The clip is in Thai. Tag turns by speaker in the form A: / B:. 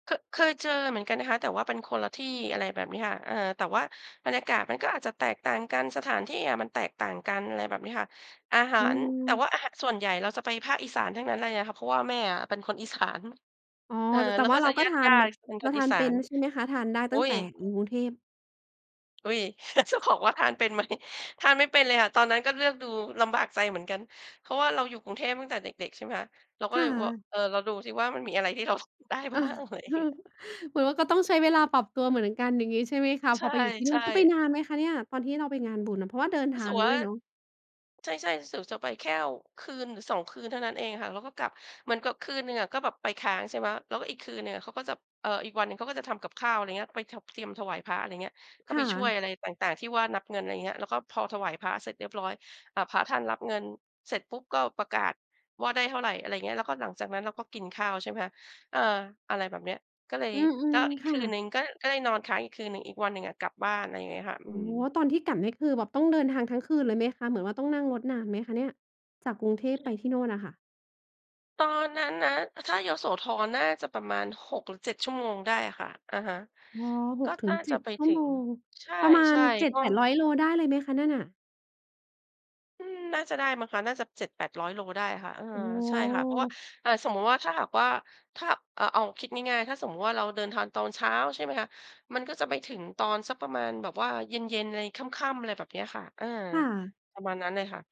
A: ค เคยเจอเหมือนกันนะคะ แต่ว่าเป็นคนละที่ อะไรแบบนี้ค่ะ เออ แต่ว่าบรรยากาศมันก็อาจจะแตกต่างกัน สถานที่อะมันแตกต่างกัน อะไรแบบนี้ค่ะ อาหา
B: อื
A: ร แต่
B: อ
A: ว่าอาหารส่วนใหญ่เราจะไปภาคอีสานทั้งนั้นเลยค่ะ เพราะว่าแม่อะเป็น คนอีสาน
B: อ๋อ
A: เออ
B: แต่
A: แล้ว
B: ว่
A: ก
B: า
A: ็
B: เ
A: จ
B: รา
A: ะ
B: ก็
A: ญ
B: ทาน
A: าติ ๆ เป็น
B: เร
A: ค
B: า
A: น
B: ท
A: อี
B: าน
A: สา
B: เป็น
A: น
B: ใช่ไหมคะ? ทานได้
A: อ
B: ต
A: ุ
B: ั
A: ๊
B: ้งแต
A: ย
B: ่กรุงเทพ
A: อุ๊ย จะบอกว่าทานเป็นไหม ทานไม่เป็นเลยค่ะ ตอนนั้นก็เลือกดูลำบากใจเหมือนกัน เพราะว่าเราอยู่กรุงเทพตั้งแต่เด็ก ๆ ใช่ไหมคะ เราก็
B: ค่
A: เล
B: ะ
A: ยบอก เออ เราดูสิว่า มันมีอะไรที่เรากินได้
B: เออ
A: บ้าง อะไรเงี้ย
B: เหมือนว่าก็ต้องใช้เวลาปรับตัวเหมือนกันอย่างงี้ใช่ไหมคะ
A: ใ
B: พอไปอยู่ที่นู่
A: ช
B: น
A: ่
B: คือไป
A: ๆ
B: นานไหมคะเนี่ย? ตอนที่เราไปงานบุญอะ เพราะว่าเดินท
A: รู้
B: า
A: สึก
B: ง
A: ว
B: ด
A: ่
B: ้
A: า
B: วยเนาะ?
A: ใช่ ๆ รู้สึกจะไปแค่คืนหรือ 2 คืนเท่านั้นเองค่ะ แล้วก็กลับ เหมือนกับคืนหนึ่งอะ ก็แบบไปค้างใช่ไหม แล้วก็อีกคืนหนึ่งอะ เขาก็จะ เอ่อ อีกวันหนึ่งเขาก็จะทำกับข้าว อะไรอย่างเงี้ย ไป ถ เตรียมถวายพระ อะไรอย่างเงี้ย ก็
B: ค
A: ไ
B: ่
A: ปช่วย
B: ะ
A: อะไรต่าง ๆ ที่ว่านับเงิน อะไรอย่างเงี้ย แล้วก็พอถวายพระเสร็จเรียบร้อย พระท่านรับเงินเสร็จปุ๊บก็ประกาศ ว่าได้เท่าไร อะไรอย่างเงี้ย แล้วก็หลังจากนั้นเราก็กินข้าวใช่ไหมคะ เออ อะไรแบบนี้ ก็เลย
B: อื
A: ก
B: ม
A: ็อี
B: ๆ
A: ก
B: ค
A: ค
B: ่
A: ืน
B: ะ
A: หนึ่งก็ได้นอนค้างอีกคืนหนึ่ง อีกวันหนึ่งอะกลับบ้าน อะไรอย่างเงี้ยค่ะ อ
B: อ
A: ื
B: ๋อ
A: ม
B: ตอนที่กลับนี่คือแบบต้องเดินทางทั้งคืนเลยไหมคะ เหมือนว่าต้องนั่งรถนานไหมคะเนี่ย จากกรุงเทพไปที่โน่นอะค่ะ?
A: ตอนนั้นนะ ถ้ายโสธรน่าจะประมาณ 6 หรือ 7 ชั่วโมงได้อะค่ะ อะฮะ
B: อ๋อ ห
A: ก็
B: กถึ
A: น่
B: ง
A: า
B: เจ
A: จ
B: ็
A: ะ
B: ด
A: ไป
B: ชั่
A: ถ
B: ว
A: ึ
B: โม
A: ง
B: ง
A: ใ
B: ประมา
A: ช
B: ณ
A: ่
B: เจ็
A: ๆ
B: ด
A: ก็
B: แปดร้อย โลได้เลยไหมคะนั่นน่ะ?
A: อืม น่าจะได้มั้งคะ น่าจะ 700-800 โลได้ค่ะ เออ
B: อ๋
A: ใช่ค่ะ เพราะว่า
B: อ
A: อา สมมติว่าถ้าหากว่า ถ้า เอ่อ เอาคิดง่าย ๆ ถ้าสมมุติว่าเราเดินทางตอนเช้า ใช่ไหมคะ มันก็จะไปถึงตอนสักประมาณแบบว่าเย็น ๆ ไร ค่ำ ๆ อะไรแบบนี้ค่ะ อา
B: ค่ะ
A: ประมาณนั้นเลยค่ะ